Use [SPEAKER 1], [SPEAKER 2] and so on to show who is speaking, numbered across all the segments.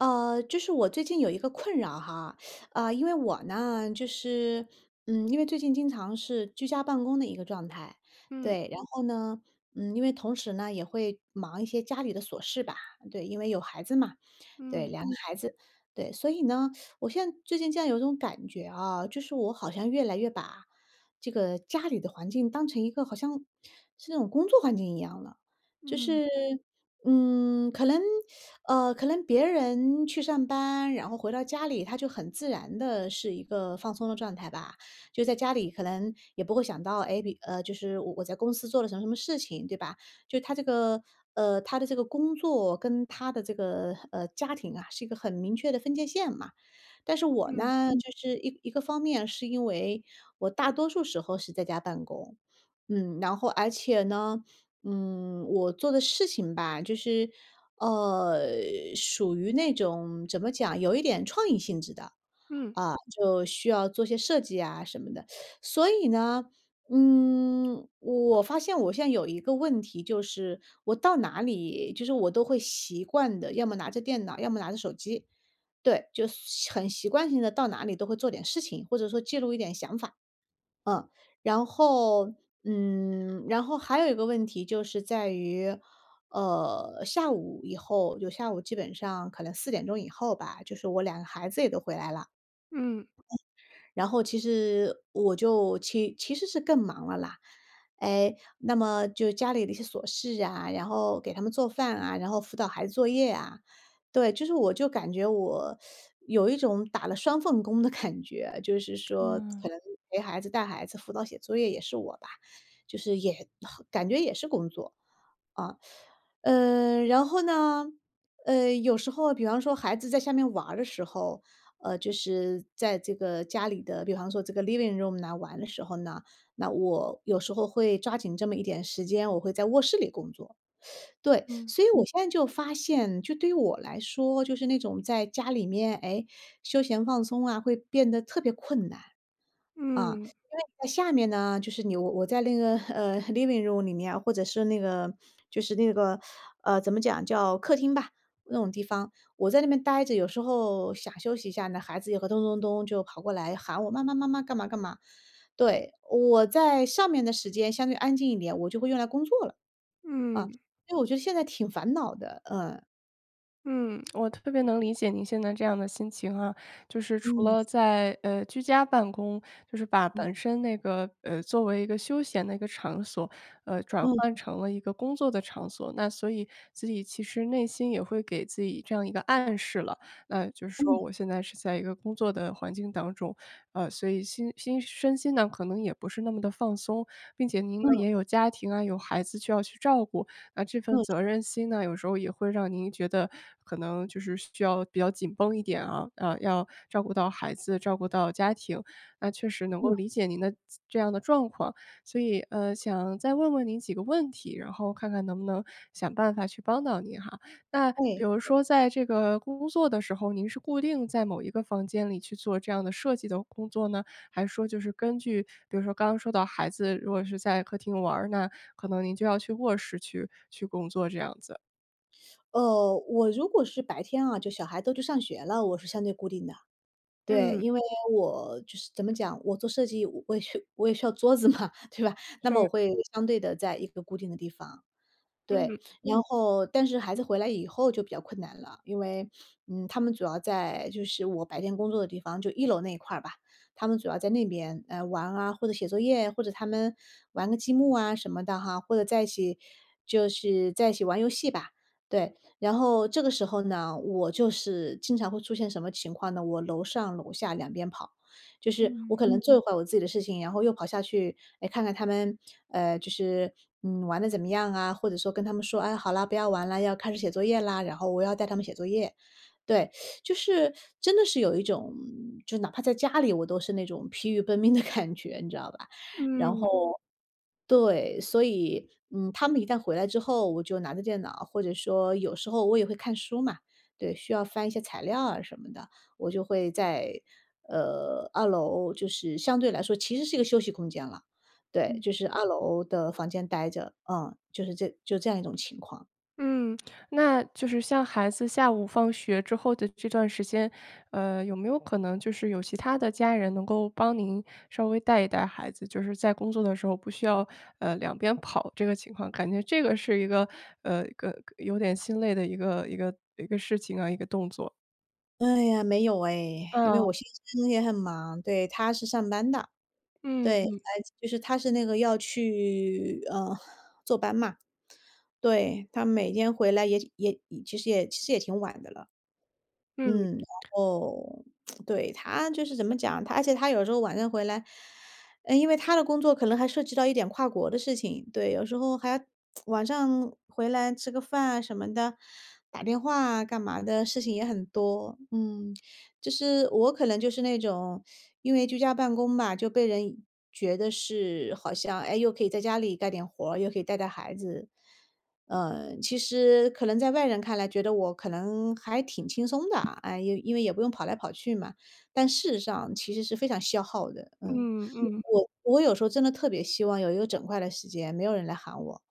[SPEAKER 1] 呃，就是我最近有一个困扰哈，呃，因为我呢，就是嗯，因为最近经常是居家办公的一个状态。
[SPEAKER 2] 嗯。
[SPEAKER 1] 对。然后呢，嗯，因为同时呢也会忙一些家里的琐事吧，对因为有孩子嘛。对，
[SPEAKER 2] 嗯。
[SPEAKER 1] 2个孩子。对。所以呢，我现在最近有种感觉啊，就是我好像越来越把，这个家里的环境当成一个好像是那种工作环境一样的。就
[SPEAKER 2] 嗯。
[SPEAKER 1] 是，嗯，可能，呃可能别人去上班，然后回到家里，他就很自然的是一个放松的状态吧。就在家里可能也不会想到，诶，比就是我我在公司做了什么什么事情，对吧！就他这个，呃他的这个工作，跟他的这个，呃，家庭啊是一个很明确的分界线嘛。但是我
[SPEAKER 2] 嗯。
[SPEAKER 1] 呢就是一一个方面是因为，我大多数时候是在家办公。嗯，然后而且呢，嗯，我做的事情吧，就是，呃，属于那种怎么讲，有一点创意性质的。
[SPEAKER 2] 嗯。
[SPEAKER 1] 啊，就需要做些设计啊什么的。所以呢，嗯，我发现我现在有一个问题就是，我到哪里，就是我都会习惯的，要么拿着电脑，要么拿着手机。对，就随很习惯性的到哪里都会做点事情，或者说记录一点想法。嗯，然后，嗯然后还有一个问题就是在于，呃，下午以后，就下午基本上可能4点钟以后吧，就是我两个孩子也都回来了
[SPEAKER 2] 嗯。
[SPEAKER 1] 然后其实我就其其实是更忙了啦。诶，那么就家里的一些琐事啊，然后给他们做饭啊，然后辅导孩子作业啊。对，就是我就感觉我，有一种打了双份工的感觉，就是说
[SPEAKER 2] 嗯。
[SPEAKER 1] 可能陪孩子、带孩子，辅导写作业也是我吧。就是也感觉也是工作。嗯。呃，然后呢，呃，有时候比方说孩子在下面玩儿的时候，呃，就是在这个家里的比方说这个 Living room 呐玩的时候呢，那我有时候会抓紧这么一点时间，我会在卧室里工作。对，
[SPEAKER 2] 嗯。
[SPEAKER 1] 所以我现在就发现就对于我来说，就是那种在家里面，诶，休闲放松啊会变得特别困难。啊，
[SPEAKER 2] 嗯。
[SPEAKER 1] 因为在下面呢，就是你我我在那个，呃 Living room 里面或者是那个，就是那个，呃，怎么讲，叫客厅吧，那种地方，我在那边呆着有时候想休息一下呢，孩子也会咚咚咚就跑过来喊我：”妈妈妈妈，干嘛干嘛。“对，我在上面的时间相对安静一点，我就会用来工作了。啊，
[SPEAKER 2] 嗯。
[SPEAKER 1] 所以我觉得现在挺烦恼的嗯。
[SPEAKER 2] 嗯，我特别能理解您现在这样的心情哈。就是除
[SPEAKER 1] 嗯。
[SPEAKER 2] 了在，呃，居家办公，就是把
[SPEAKER 1] 嗯。
[SPEAKER 2] 本身那个，呃，作为一个休闲的一个场所，呃，转
[SPEAKER 1] 嗯。
[SPEAKER 2] 换成了一个工作的场所，那所以自己其实内心也会给自己这样一个暗示了，那就是说
[SPEAKER 1] 嗯。
[SPEAKER 2] 我现在是在一个工作的环境当中。呃，所以心心身心呢，可能也不是那么地放松。并且您呢
[SPEAKER 1] 嗯。
[SPEAKER 2] 也有家庭啊、有孩子需要去照顾，那这份
[SPEAKER 1] 嗯。
[SPEAKER 2] 责任心呢，有时候也会让您觉得可能就是需要比较紧绷一点啊，呃，要照顾到孩子、照顾到家庭，那确实能够
[SPEAKER 1] 对。
[SPEAKER 2] 理解您的自这样的状况。所以，呃，想再问问您几个问题，然后看看能不能想办法去帮到您哈。那比
[SPEAKER 1] 对，
[SPEAKER 2] 如
[SPEAKER 1] 对。
[SPEAKER 2] 说在这个工作的时候，您是固定在某一个房间里去做这样的设计的工作呢？还是说就是根据比如说刚刚说到孩子如果是在客厅玩儿呢，可能您就要去卧室去去工作，这样子？
[SPEAKER 1] 呃，我如果是白天啊，就小孩都去上学了，我是相对固定的。对，
[SPEAKER 2] 嗯。
[SPEAKER 1] 因为我就是怎么讲，我做设计我也需我也需要桌子嘛，对吧？那么
[SPEAKER 2] 是。
[SPEAKER 1] 我会相对地在一个固定的地方，对。
[SPEAKER 2] 嗯。
[SPEAKER 1] 然后但是孩子回来以后就比较困难了，因为，嗯，他们主要在就是我白天工作的地方，就一楼那一块儿吧，他们主要在那边，呃，玩啊、或者写作业、或者他们玩个积木啊什么的哈，或者在一起就是在一起玩游戏吧，对。然后这个时候呢，我就是经常会出现什么情况呢，我楼上楼下两边跑。就是我
[SPEAKER 2] 嗯。
[SPEAKER 1] 可能做一会儿我自己的事情，然后又跑下去，诶，看看他们，呃，就是，嗯，玩得怎么样啊，或者说跟他们说：“哎，好啦，不要玩啦，要开始写作业啦。”然后我要带他们写作业，对。就是真的是有一种，嗯，就哪怕在家里我都是那种疲于奔命的感觉，你知道吧？然
[SPEAKER 2] 嗯。
[SPEAKER 1] 后对，所以，嗯，他们一旦回来之后，我就拿着电脑，或者说有时候我也会看书嘛，对，需要翻一些材料啊什么的。我就会在呃，二楼就是相对来说其实是一个休息空间啦，对，
[SPEAKER 2] 嗯。
[SPEAKER 1] 就是二楼的房间呆着，嗯，就是这就这样一种情况。
[SPEAKER 2] 嗯，那就是像孩子下午放学之后的这段时间，呃，有没有可能，就是有其他的家人能够帮您稍微带一带孩子？就是在工作的时候不需要，呃，两边跑这个情况，感觉这个是一个呃，一个有点心累的一个一个一个事情啊，一个动作。
[SPEAKER 1] 哎呀，没有诶，因为
[SPEAKER 2] 嗯。
[SPEAKER 1] 我先生也很忙，对，他是上班的。
[SPEAKER 2] 嗯，
[SPEAKER 1] 对，
[SPEAKER 2] 嗯。
[SPEAKER 1] 哎，就是他是那个要去，呃，坐班嘛。对，他每天回来也也其实也其实也挺晚的了。
[SPEAKER 2] 嗯。
[SPEAKER 1] 嗯，然后 对，他就是怎么讲，而且他有时候晚上回来呃，因为他的工作可能还涉及到一点跨国的事情，对，有时候还 晚上回来吃个饭啊什么的，打电话干嘛的，事情也很多。嗯，就是，我可能就是那种 因为居家办公嘛，就被人觉得是，好像，诶，又可以在家里干点活儿，又可以带带孩子。呃，其实可能在外人看来觉得我可能还挺轻松的，哎，因为也不用跑来跑去嘛，但事实上其实是非常消耗的。嗯，
[SPEAKER 2] 嗯，嗯。
[SPEAKER 1] 我我有时候真的特别希望有一个整块的时间，没有人来喊我，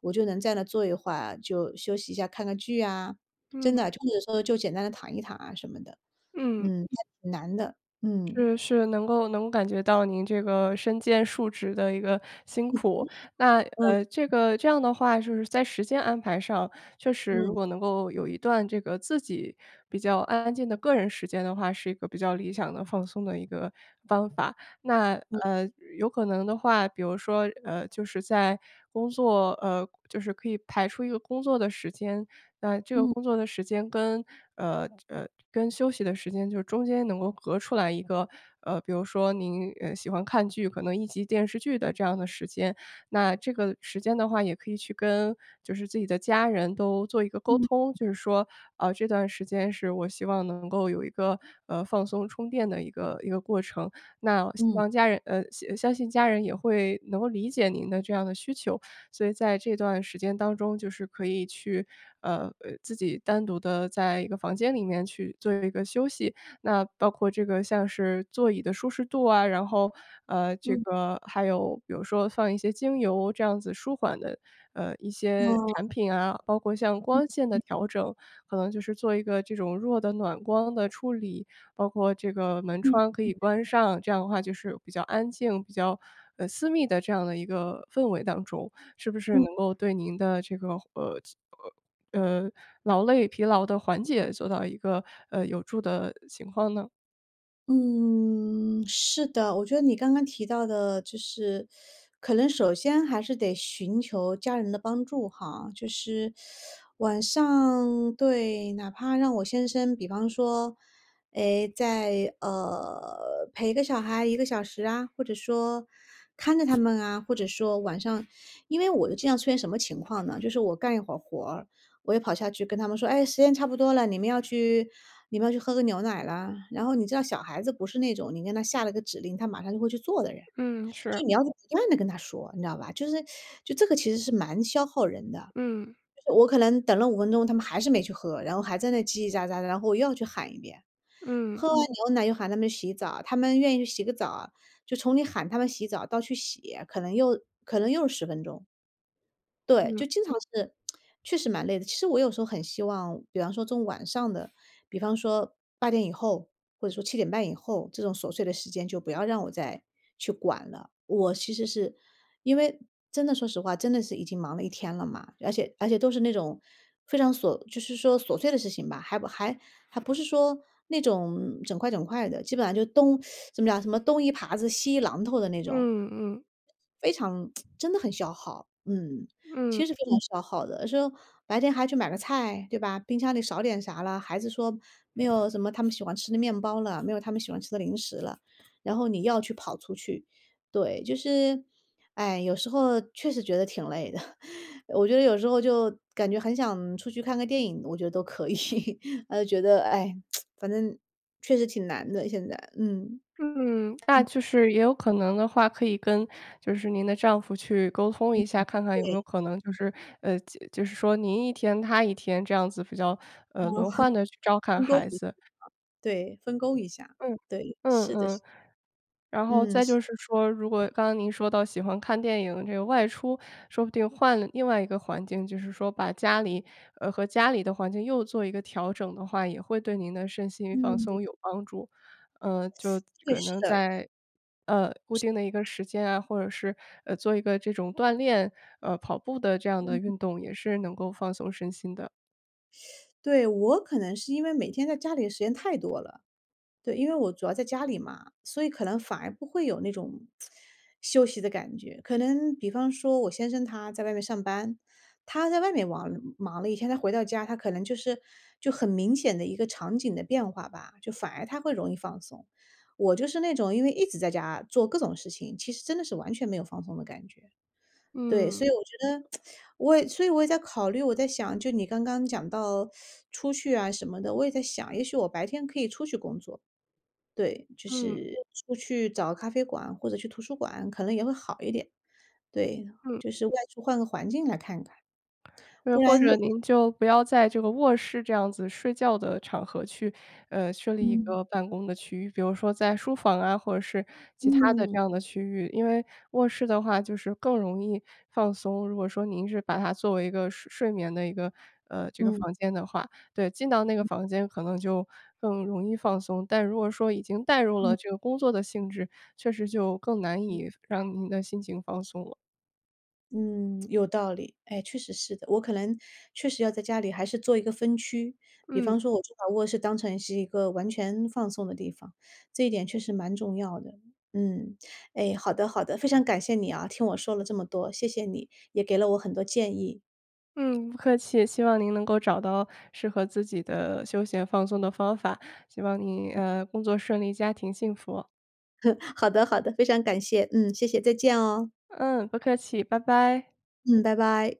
[SPEAKER 1] 我就能在那儿坐一会儿，就休息一下，看看剧呀，真
[SPEAKER 2] 嗯。
[SPEAKER 1] 的就是说就简单地躺一躺啊什么的。
[SPEAKER 2] 嗯。
[SPEAKER 1] 嗯，那挺难的，嗯。
[SPEAKER 2] 是，是，能够能够感觉到您这个身兼数职的一个辛
[SPEAKER 1] [unintelligible]
[SPEAKER 2] 苦，那
[SPEAKER 1] 嗯。
[SPEAKER 2] 呃，这个这样的话就是在时间安排上，确实如
[SPEAKER 1] 嗯。
[SPEAKER 2] 果能够有一段这个自己比较安安静的个人时间的话，是一个比较理想的、放松的一个方法。那，
[SPEAKER 1] 嗯。
[SPEAKER 2] 呃，有可能的话，比如说，呃，就是在工作呃，就是可以排出一个工作的时间，那这个
[SPEAKER 1] 嗯。
[SPEAKER 2] 工作的时间跟呃，呃，跟休息的时间就是中间能够隔一个呃，比如说您，呃，喜欢看剧，可能1集电视剧的这样的时间，那这个时间的话也可以去跟就是自己的家人都做一个沟
[SPEAKER 1] 嗯。
[SPEAKER 2] 通，就是说，呃，“这段时间是我希望能够有一个，呃，放松、充电的一个一个过程。”那希
[SPEAKER 1] 嗯。
[SPEAKER 2] 望家人呃，相相信家人也会能够理解您的这样的需求，所以在这段时间当中，就是可以去呃，呃，自己单独地在一个房间里面去做一个休息。那包括这个，像是座椅的舒适度啊，然后，呃，这
[SPEAKER 1] 嗯。
[SPEAKER 2] 个还有比如说放一些精油这样子舒缓的，呃，一些
[SPEAKER 1] 哦。
[SPEAKER 2] 产品啊，包括像
[SPEAKER 1] 嗯，
[SPEAKER 2] 光线的
[SPEAKER 1] 嗯。
[SPEAKER 2] 调整，可能就是做一个这种弱的暖光的处理，包括这个门
[SPEAKER 1] 嗯，
[SPEAKER 2] 窗可
[SPEAKER 1] 嗯。
[SPEAKER 2] 以关上，这样的话就是比较安静，比较，呃，私密的这样的一个氛围当中，是不是
[SPEAKER 1] 嗯。
[SPEAKER 2] 能够对您的这个，呃，呃，呃，劳累、疲劳的缓解，做到一个，呃，有助的情况呢？
[SPEAKER 1] 嗯，是的。我觉得你刚刚提到的，就是，可能首先还是得寻求家人的帮助哈。就是，晚上对，哪怕让我先生比方说，诶，在呃，陪个小孩1个小时啊。或者说看着他们啊。或者说晚上因为我的经常出现什么情况呢？就是我干一会儿活，我也跑下去跟他们说“哎，时间差不多了，你们要去你们要去喝个牛奶啦。”然后你知道小孩子不是那种你跟他下了个指令，他马上就会去做的人。
[SPEAKER 2] 嗯，是。
[SPEAKER 1] 就你要不断地跟他说，你知道吧。就是就这个其实是蛮消耗人的。
[SPEAKER 2] 嗯。
[SPEAKER 1] 我可能等了5分钟，他们还是没去喝，然后还在那叽叽喳喳的，然后我又要去喊一遍。喝
[SPEAKER 2] 嗯。
[SPEAKER 1] 完牛奶又喊他们洗澡，他们愿意去洗个澡啊。就从你喊他们洗澡到去洗，可能又可能又10分钟。对，
[SPEAKER 2] 嗯。
[SPEAKER 1] 就经常是 确实蛮累的，其实我有时候很希望比方说从晚上的，比方说8点以后，或者说7点半以后，这种琐碎的时间就不要让我再去管了。我其实是因为真的说实话，真的是已经忙了一天了嘛。而且而且都是那种非常锁就是说琐碎的事情吧，还不还还不是说那种整块整块的，基本上就东 怎么讲什么东一耙子西一榔头的那种。
[SPEAKER 2] 嗯嗯。
[SPEAKER 1] 非常 真的很消耗。嗯。
[SPEAKER 2] 嗯。
[SPEAKER 1] 其实非常消耗的，有的时候白天还去买个菜，对吧，冰箱里少点啥啦，孩子说“没有什么他们喜欢吃的面包了，没有他们喜欢吃的零食了”，然后你要去跑出去。对，就是哎，有时候确实觉得挺累的，我觉得有时候就，感觉很想出去看个电影，我觉得都可以，唉，又觉得，唉，反正确实挺难的现在。嗯。
[SPEAKER 2] 嗯，那
[SPEAKER 1] 嗯。
[SPEAKER 2] 就是也有可能的话，可以跟，就是您的丈夫去沟通
[SPEAKER 1] 嗯。
[SPEAKER 2] 一下，看看有没
[SPEAKER 1] 对。
[SPEAKER 2] 有可能就是，呃，就就是说您一天他一天这样子比较呃，轮 换地去照看
[SPEAKER 1] 分工
[SPEAKER 2] 孩
[SPEAKER 1] 一下。
[SPEAKER 2] 子。
[SPEAKER 1] 对，分工一下。
[SPEAKER 2] 嗯，
[SPEAKER 1] 对，
[SPEAKER 2] 嗯
[SPEAKER 1] 是的是的。
[SPEAKER 2] 嗯。然后
[SPEAKER 1] 嗯，
[SPEAKER 2] 再
[SPEAKER 1] 是。
[SPEAKER 2] 就是说，如果刚刚您说到喜欢看电影这个外出，说不定换了另外一个环境，就是说把家里，呃和家里的环境又做一个调整的话，也会对您的身心放
[SPEAKER 1] 嗯。
[SPEAKER 2] 松有帮助。呃，就
[SPEAKER 1] 对，
[SPEAKER 2] 可
[SPEAKER 1] 是
[SPEAKER 2] 能
[SPEAKER 1] 的。
[SPEAKER 2] 在，呃，固
[SPEAKER 1] 是。
[SPEAKER 2] 定的一个时间啊，或者是，呃，做一个这种锻炼，呃，跑步的这样的
[SPEAKER 1] 嗯。
[SPEAKER 2] 运动也是能够放松身心的。
[SPEAKER 1] 对，我可能是因为每天在家里的时间太多了。对，因为我主要在家里嘛，所以可能反而不会有那种 休息的感觉。可能比方说，我先生他在外面上班，他在外面王忙了一天，他回到家，他可能就是就很明显的一个场景的变化吧，就反而他会容易放松。我就是那种因为一直在家做各种事情，其实真的是完全没有放松的感觉。对，所
[SPEAKER 2] 嗯。
[SPEAKER 1] 以我觉得 我也所以我也在考虑我在想，就你刚刚讲到 出去啊什么的，我也在想，也许我白天可以出去工作。对，就
[SPEAKER 2] 嗯。
[SPEAKER 1] 是出去找咖啡馆或者去图书馆可能也会好一点。对，
[SPEAKER 2] 嗯。
[SPEAKER 1] 就是外出换个环境来看看。
[SPEAKER 2] 呃，
[SPEAKER 1] 不
[SPEAKER 2] 或
[SPEAKER 1] 然
[SPEAKER 2] 者您就不要在这个卧室这样子睡觉的场合去，呃，设立一
[SPEAKER 1] 嗯。
[SPEAKER 2] 个办公的区域，比如说在书房啊，或者是其它的
[SPEAKER 1] 嗯。
[SPEAKER 2] 这样的区域。因为卧室的话，就是更容易放松。如果说您是把它作为一个睡睡眠的一个呃，这个
[SPEAKER 1] 嗯。
[SPEAKER 2] 房间的话，对，进到那个
[SPEAKER 1] 嗯。
[SPEAKER 2] 房间，可能就更容易放松。但如果说，已经带入
[SPEAKER 1] 嗯。
[SPEAKER 2] 了这个工作的性质，确实就更难
[SPEAKER 1] 嗯。
[SPEAKER 2] 以让您的心情放松了。
[SPEAKER 1] 嗯，有道理，哎，确实是的。我可能确实要在家里还是做一个分区，比
[SPEAKER 2] 嗯。
[SPEAKER 1] 方说，我就把卧室当成是一个完全放松的地方，这一点确实蛮重要的。嗯，哎，好的好的，非常感谢你啊，听我说了这么多。谢谢你，也给了我很多建议。
[SPEAKER 2] 嗯，不客气。希望您能够找到适合自己的休闲放松的方法，希望您，呃，工作顺利，家庭幸福。
[SPEAKER 1] 好的好的，非常感谢。嗯，谢谢，再见哦。
[SPEAKER 2] 嗯，不客气，拜拜。
[SPEAKER 1] 嗯，拜拜。